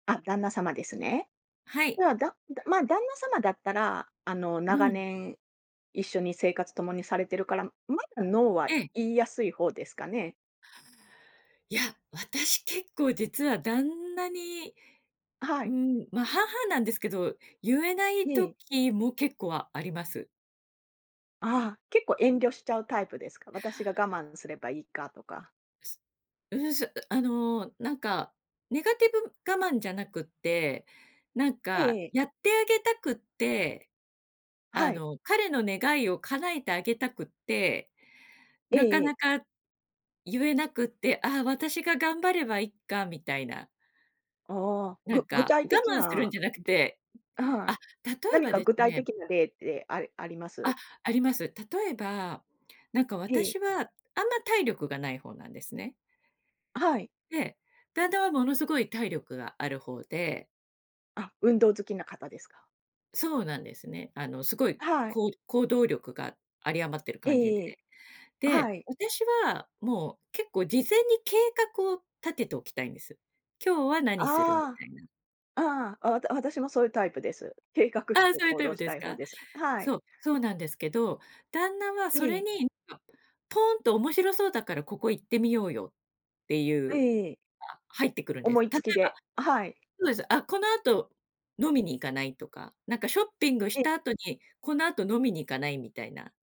あ、旦那様ですね。はい。では、だま、旦那様だったら、あのう長ん。年一緒に生活共にされてるから、まだノーはええ。言いやすい方ですかね？いや、私結構実は旦那にはうい。ん、ま、半々なんですけど、言えないええ。時も結構あります。あ、結構遠慮しちゃうタイプですか？私が我慢すればいいかとか。うーん、そあのなんか、ネガティブ我慢じゃなくって、なんえか、えええ。やってあげたくって、あはい。の、彼の願いを叶えてあげたくって、えなえかえなえ。か言えなくって、あ、私が頑張ればいっかみたいな。ああ、なんぐ具か、体我的慢するんなじゃなくてはあ、い、例え何ばかで具す体ね的な例ってああります？あ、あります。例えば、なんかええ。私は、あんま体力がない方なんですね。はい。で、旦那はものすごい体力がある方であ、運動好きな方ですか。そうなんですね。あのすごいはい。こう行動力が有り余ってる感じで。ええ。で、はい。私はもう結構事前に計画を立てておきたいんです。今日は何するみああ。たいな。ああ、わ私もそういうタイプです。計画あしあ、てそういう行タイ動プしでたすい方か？です。はい。そう、そうなんですけど、旦那はそえれえ。に、何か、ポーンと「面白そうだから、ここ行ってみようよ」っていうのええ。が入ってくるんで思す。い例つえば、きではい。そうです「あ、この後飲みに行かない？」とか。なんかショッピングしええ。た後にこの後飲みに行かないみたいな。